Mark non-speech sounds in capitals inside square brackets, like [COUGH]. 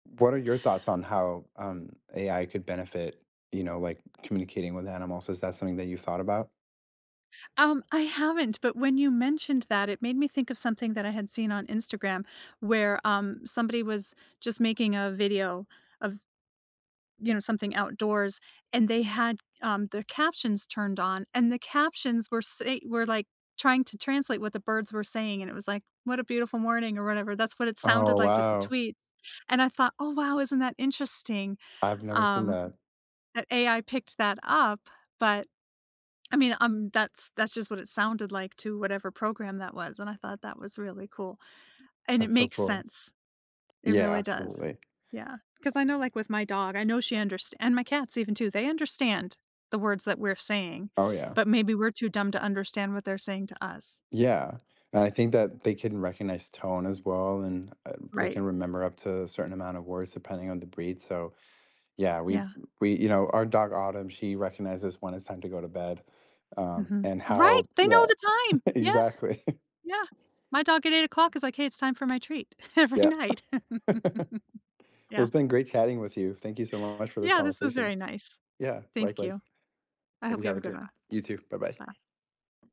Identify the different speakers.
Speaker 1: What are your thoughts on how, um, AI could benefit, you know, like, communicating with animals? Is that something that you've thought about?
Speaker 2: Um, I haven't, but when you mentioned that, it made me think of something that I had seen on Instagram where, um, somebody was just making a video of, you know, something outdoors, and they had, um, their captions turned on, and the captions were say were, like, trying to translate what the birds were saying, and it was like, "What a beautiful morning," or whatever, that's what it sounded
Speaker 1: Oh,
Speaker 2: like with the
Speaker 1: wow.
Speaker 2: tweets, and I thought, “Oh, wow. Isn't that interesting?”
Speaker 1: I've never seen
Speaker 2: Um,
Speaker 1: that.
Speaker 2: that AI picked that up, but, I mean, um, that's that's just what it sounded like to whatever program that was, and I thought that was really cool, and it
Speaker 1: That's so
Speaker 2: makes
Speaker 1: cool.
Speaker 2: sense. It
Speaker 1: Yeah,
Speaker 2: really does,
Speaker 1: absolutely.
Speaker 2: yeah, 'cause I know, like, my dog, I know she underst and my cats even, too, they understand the words that we're saying,
Speaker 1: Oh, yeah.
Speaker 2: but maybe we're too dumb to understand what they're saying to us.
Speaker 1: Yeah, and I think that they can recognize tone as well, and, uh, they
Speaker 2: Right.
Speaker 1: can remember up to a certain amount of words depending on the breed, so, yeah, we
Speaker 2: Yeah.
Speaker 1: we you know, our dog, Autumn, she recognizes when it's time to go to bed, um,
Speaker 2: Mhm.
Speaker 1: and
Speaker 2: Right,
Speaker 1: how
Speaker 2: they know
Speaker 1: Yeah,
Speaker 2: the time! Yes,
Speaker 1: exactly.
Speaker 2: yeah, my dog at 8:00 is like, “Hey, it's time for my treat" every
Speaker 1: Yep. [LAUGHS]
Speaker 2: night. [LAUGHS]
Speaker 1: Well,
Speaker 2: Yeah.
Speaker 1: it's been great chatting with you. Thank you so much for this
Speaker 2: Yeah, this was
Speaker 1: conversation.
Speaker 2: very nice.
Speaker 1: Yeah,
Speaker 2: Thank you.
Speaker 1: likewise.
Speaker 2: I
Speaker 1: And
Speaker 2: hope
Speaker 1: you
Speaker 2: you
Speaker 1: have
Speaker 2: have a
Speaker 1: a
Speaker 2: good
Speaker 1: good
Speaker 2: one.
Speaker 1: You too, bye-bye.
Speaker 2: Bye.